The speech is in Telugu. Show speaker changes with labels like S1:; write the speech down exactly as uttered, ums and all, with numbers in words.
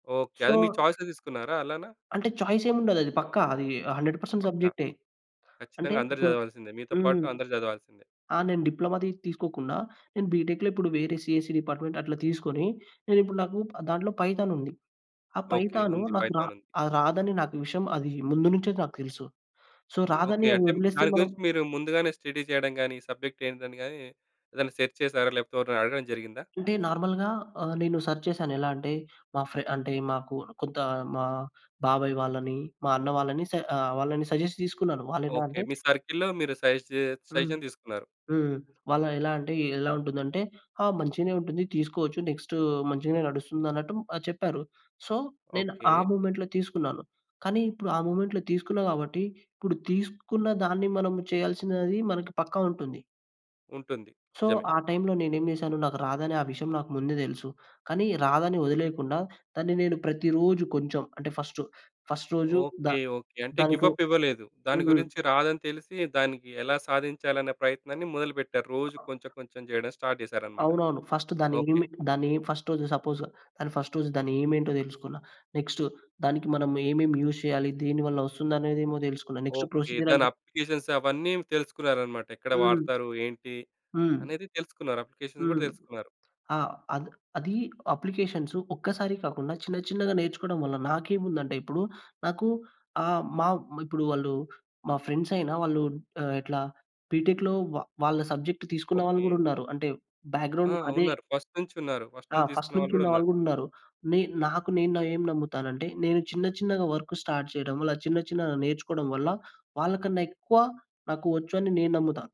S1: ఓకే. అది మీ
S2: సో
S1: చాయిస్‌గా తీసుకున్నారా అలానా?
S2: అంటే చాయిస్ ఏముండదు. అది పక్కా అది హండ్రెడ్ పర్సెంట్
S1: పక్కా.
S2: సబ్జెక్టే. అంటే
S1: కచ్చితంగా అందరు
S2: ఇప్పుడు
S1: చదవాల్సిందే. మీతో
S2: హ్మ్.
S1: పాటు అందరు జదవాల్సిందే.
S2: ఆ! నేను డిప్లొమా తి తీసుకోకుండా నేను బీటెక్‌లో ఇప్పుడు వేరే సీఎస్‌సీ డిపార్ట్‌మెంట్ అట్లా తీసుకొని నేనిప్పుడు నాకూ ప్ దాంట్లో పైథానుంది. ఆ
S1: ఓకే
S2: పైథానూ
S1: ఉంది.
S2: నాకు రా
S1: పైథానుంది.
S2: ఆహ్, రాదని నాకు విషయం అది ముందు నుంచే నాకు తెలుసు. So,
S1: okay.
S2: రాదని
S1: అంటే మ్
S2: అదొదిలేస్తే
S1: దాని
S2: మనం
S1: గురించి మీరు ముందుగానే స్టడీ చేయడం గానీ, సబ్జెక్ట్ ఏంటని గానీ ఏదైనా సెర్చ్ చేసారా? లేకపోతే ఎవరినైనా అడగడం జరిగిందా?
S2: అంటే నార్మల్‌గా ఆహ్, నేను సెర్చ్ చేశాను. ఎలా అంటే మా ఫ్రె అంటే మాకు కొంత మా బాబాయి వాళ్ళని, మా అన్న వాళ్ళని స ఆహ్, వాళ్ళని సజెస్ట్ తీసుకున్నాను. వాళ్ళేనా
S1: ఓకే.
S2: అంటే
S1: మీ సర్కిల్‌‌లో మీరు సజెస్టు
S2: హ్మ్.
S1: సజెషన్ తీసుకున్నారు.
S2: హ్మ్. వాళ్ళు ఎలా అంటే ఎలా ఉంటుందంటే, ఆ! మంచిగినే ఉంటుంది. తీసుకోవచ్చు నెక్స్ట్ మంచిగనే నడుస్తుంది అన్నట్టు ఆహ్, చెప్పారు. సో, నేను ఆ
S1: ఓకే.
S2: మూమెంట్‌లో తీసుకున్నాను. కానీ ఇప్పుడు ఆ మూమెంట్‌లో తీసుకున్నా కాబట్టి ఇప్పుడు తీసుకున్న దాన్ని మనం చేయాల్సినది మన పక్కా ఉంటుంది.
S1: ఉంటుంది.
S2: సో,
S1: నిజమే.
S2: ఆ టైమ్‌లో నేనేం చేశాను. నాకు రాదని ఆ విషయం నాకు ముందే తెలుసు. కానీ రాదని వదిలేయకుండా దాన్ని నేను ప్రతిరోజు కొంచెం అంటే ఫస్టు ఫస్టు రోజు ద
S1: ఓకే. ఓకే. అంటే గివ్
S2: దాంట్లో
S1: అప్ ఇవ్వలేదు. దాని
S2: హ్మ్.
S1: గురించి రాదని తెలిసి దానికి ఎలా సాధించాలనే ప్రయత్నాన్ని మొదలుపెట్టారు. రోజు కొంచెం కొంచెం చేయడం స్టార్ట్ జేసారనమాట.
S2: అవునవును. ఫస్ట్ దాన్ని
S1: ఓకే.
S2: [unintelligible] దాన్ని ఫస్ట్ రోజు సపోజ్‌గా అది ఫస్ట్ రోజు దాని ఎయిమ్ ఏంటో తెలుసుకున్న. నెక్స్టు దానికి మనం ఏమేమి యూజ్ చేయాలి. దేనివల్ల వస్తుందనేదేమో తెలుసుకున్న. Next
S1: okay. దాని
S2: ప్రొసిజరంటే
S1: అప్లికేషన్స్ అవన్నీ తెలుసుకున్నారనమాట. ఎక్కడ
S2: హ్మ్.
S1: వాడతారు? ఏంటి?
S2: హ్మ్.
S1: అనేది తెలుసుకున్నారు. అప్లికేషన్స్ గూడా
S2: హ్మ్.
S1: తెలుసుకున్నారు.
S2: ఆ! అద్ అదీ అప్లికేషన్స్ ఒక్కసారి కాకుండా చిన్న చిన్నగా నేర్చుకోవడం వల్ల నాకేముందంటే ఇప్పుడు నాకు ఆహ్, మా ఇప్పుడు వాళ్ళు మా ఫ్రెండ్స్ అయిన వాళ్ళు ఆహ్, ఇట్లా బీటెక్‌లో వ వాళ్ళ సబ్జెక్ట్ తీసుకున్న వాళ్ళు
S1: ఓకే.
S2: గూడా ఉన్నారు. అంటే బ్యాక్‌
S1: ఆ!
S2: గ్రౌండ్ అదే.
S1: ఉన్నారు. ఫస్ట్ నుంచున్నారు. ఫస్ట్
S2: ఆ!
S1: నుంచి
S2: ఫస్ట్
S1: తీసుకున్న
S2: నుంచి
S1: వాళ్ళు గూడా ఉన్నారు.
S2: ఉన్నవాళ్ళు గూడా ఉన్నారు. నే నాకు నేను ఏం నమ్ముతానంటే నేను చిన్న చిన్నగా వర్క్ స్టార్ట్ చేయడం వల్ల చిన్న చిన్నగా నేర్చుకోవడం వల్ల వాళ్ళకన్నా ఎక్కువ నాకు వచ్చు అని నేను నమ్ముతా.